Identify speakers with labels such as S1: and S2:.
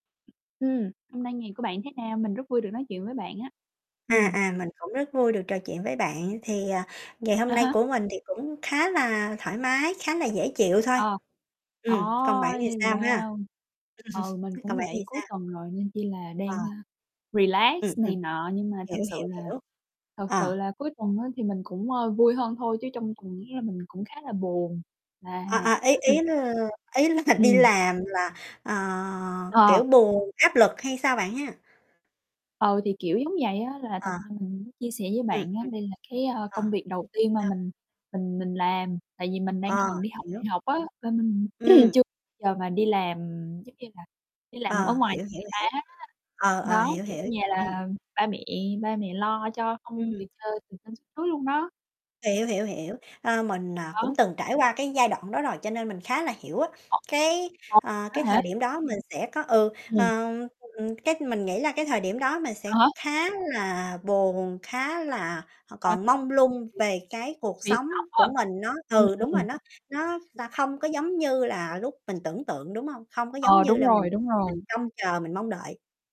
S1: Ừm, hôm nay ngày của bạn thế nào? Mình rất vui được nói chuyện với bạn á.
S2: À,
S1: Ừm.
S2: à, mình cũng rất vui được trò chuyện với bạn. Thì, ờ, ngày hôm
S1: À
S2: nay
S1: ha.
S2: của mình thì cũng khá là thoải mái, khá là dễ chịu thôi.
S1: Ờ,
S2: Ừm, còn bạn thì
S1: Ôi!
S2: sao ha?
S1: Wow! Ừ, mình
S2: Còn
S1: cũng
S2: bạn thì
S1: vậy. Cuối
S2: sao?
S1: tuần rồi, nên chỉ là
S2: Ờ.
S1: đang, a, relax
S2: Ừm, ừm.
S1: này nọ, nhưng mà thật
S2: Hiểu,
S1: sự
S2: hiểu,
S1: là
S2: hiểu.
S1: thật sự
S2: Ờ.
S1: là cuối tuần á thì mình cũng, ơ, vui hơn thôi, chứ trong tuần á là mình cũng khá là buồn, là
S2: À, à, ý ý là ý là đi
S1: Ừm.
S2: làm là, ờ,
S1: Ờ.
S2: kiểu buồn, áp lực hay sao bạn ha?
S1: Ừ, thì kiểu giống vậy á. Là thật
S2: Ờ.
S1: ra mình muốn chia sẻ với
S2: Ừm,
S1: bạn á,
S2: ừm.
S1: đây là cái, ơ,
S2: Ờ.
S1: công việc đầu tiên mà
S2: [unintelligible]
S1: mình mình mình làm. Tại vì mình đang
S2: Ờ,
S1: còn đi học đại
S2: hiểu.
S1: học á, là mình
S2: Ừm.
S1: chưa giờ mà đi làm giống như là đi làm ở
S2: Ờ,
S1: ngoài
S2: hiểu,
S1: cho
S2: hiểu,
S1: người ta
S2: hiểu.
S1: hết á.
S2: Ờ, ờ,
S1: Đó,
S2: hiểu,
S1: thì ở
S2: hiểu.
S1: nhà
S2: Ừm.
S1: là ba mẹ ba mẹ lo cho không, từ
S2: Ừm.
S1: trên từ trên xuống dưới luôn đó.
S2: Hiểu, hiểu, hiểu. Ờ, mình, ờ,
S1: Đó.
S2: cũng từng trải qua cái giai đoạn đó rồi, cho nên mình khá là hiểu á.
S1: [unintelligible]
S2: Cái,
S1: đó
S2: ờ, cái
S1: hả?
S2: thời điểm đó mình sẽ có ừ,
S1: Ừm.
S2: ờ, ừm cái mình nghĩ là cái thời điểm đó mình
S1: À
S2: sẽ
S1: há.
S2: khá là buồn, khá là, ờ, còn mông lung
S1: [unintelligible]
S2: về cái cuộc
S1: Bị
S2: sống
S1: sốc á.
S2: của mình, nó
S1: Ừm,
S2: ừ, đúng
S1: ừm.
S2: rồi. Nó nó sa
S1: Yeah.
S2: không có giống như là lúc mình tưởng tượng, đúng hông? Không có giống
S1: Ờ,
S2: như
S1: đúng
S2: là mình
S1: rồi, đúng rồi.
S2: mình trông chờ, mình mong đợi.